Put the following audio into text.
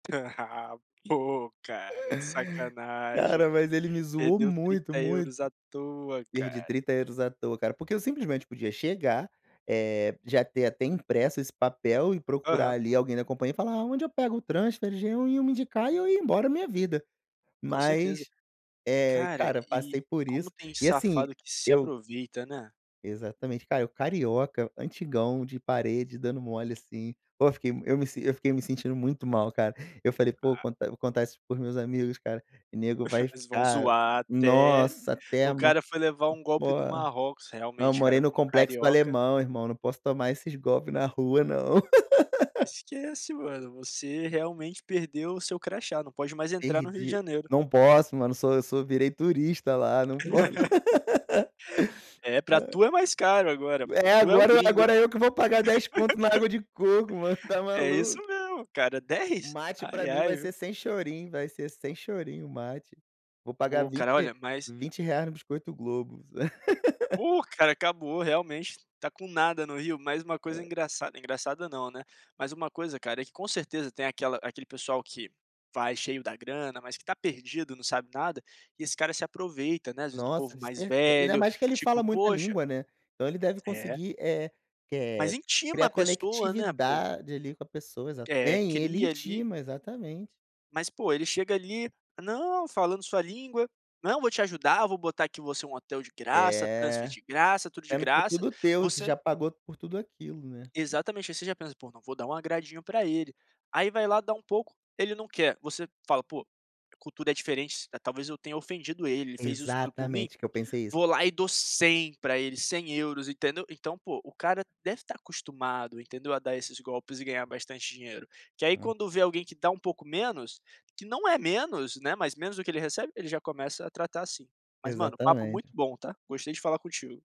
Pô, cara, que sacanagem, Cara, mas ele me zoou perdeu muito, trinta muito. euros à toa, Perdi cara. 30€ à toa, cara, porque eu simplesmente podia chegar, eh, já ter até impresso esse papel e procurar Aham. ali alguém da compania e falar: "Onde eu pego o transfer?" Já iam me indicar e eu ia embora minha vida. Com certeza. Mas, eh, Cara, cara, e passei por como isso, tem e assim, safado que se eu aproveita, né. Exatamente, cara, eu, carioca, antigão, de parede, dando mole assim. Pô, fiquei eu me eu fiquei me sentindo muito mal, cara. Eu falei: "Pô, Ah. contar vou contar isso para os meus amigos, cara, e nego vai Eles vão ficar, zoar até nossa, até "o ama". cara foi levar um golpe Pô, no Marrocos". não, Realmente cara, morei no como Complexo do carioca Alemão, irmão, não posso tomar esses golpe na rua não. Esquece, mano, você realmente perdeu o seu crachá, não pode mais entrar no Rio de Perdi. Janeiro. Não posso mano, sou eu sou virei turista lá, não po É, para Hã. tu é mais caro agora, pô, É, tu é o agora gringo. agora eu que vou pagar dez conto na água de coco, mano, está É isso maluco? mesmo, cara, O 10? Mate para Ai, mim ai, vai ser viu. sem chorinho, vai ser sem chorinho o Mate. Vou pagar Pô, cara, 20 olha, mas R$20 no biscoito Globo. Pô, cara, acabou, realmente está com nada no Rio, mas uma coisa É. engraçada, engraçada não, né, mas uma coisa, cara, é que com certeza tem aquela aquele pessoal que: vai cheio da grana, mas que está perdido, não sabe nada, e esse cara se aproveita, né, às vezes, do Nossa, povo de mais certe Ainda velho, mais que ele tipo: fala muita "Poxa" língua, né. Então, ele deve É. conseguir eh que Mas eh intima criar a pessoa, né, põ. conectividade ali com a pessoa. Exata É, É, ele cria ali intima, exatamente. Mas, pô, ele chega ali: "Não", falando sua língua, "não, vou te ajudar, vou botar aqui você um hotel de graça, transfer É, de graça, tudo de sendo que é graça", tudo teu. Você você já pagou por tudo aquilo, né. Exatamente, aí você já pensa: "Pô, não vou dar um agradinho para ele". Aí, vai lá dá um pouco, ele não quer, você fala: "Pô, a cultura é diferente, talvez eu tenha ofendido ele, ele fez isso tudo por mim", Exatamente, que eu pensei isso. vou lá e dou 100 para ele, 100€ entendeu? Então, pô, o cara deve estar acostumado, entendeu, a dar esses golpes e ganhar bastante dinheiro, porque aí Hum. quando vê alguém que dá um pouco menos, que não é menos, né, mas menos do que ele recebe, ele já começa a tratar assim. Mas mano, papo muito Exatamente. bom, tá, gostei de falar contigo.